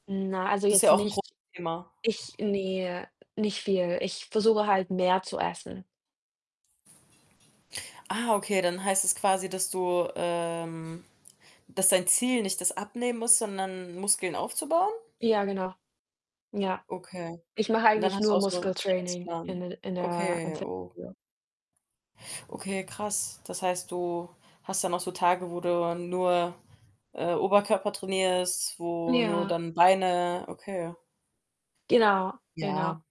Na, also Das ist ja jetzt auch 'n großes nicht Thema. ich ne, nicht viel. Ich versuche halt, mehr zu essen. Ah, okay. Dann heißt es quasi, dass du, ähm dass dein Ziel nicht das abnehmen ist, sondern Muskeln aufzubauen? Ja, genau. Ja. Okay. Ich mache Und dann eigentlich hast nur du auch so 'n Muskeltraining in Trainingsplan. d in der im Okay, oh. Fitnessstudio. Okay, krass. Das heißt, du hast dann auch so Tage, wo du nur, äh, Oberkörper trainierst, wo nur Ja. dann Beine? Okay. Genau, genau. Ja.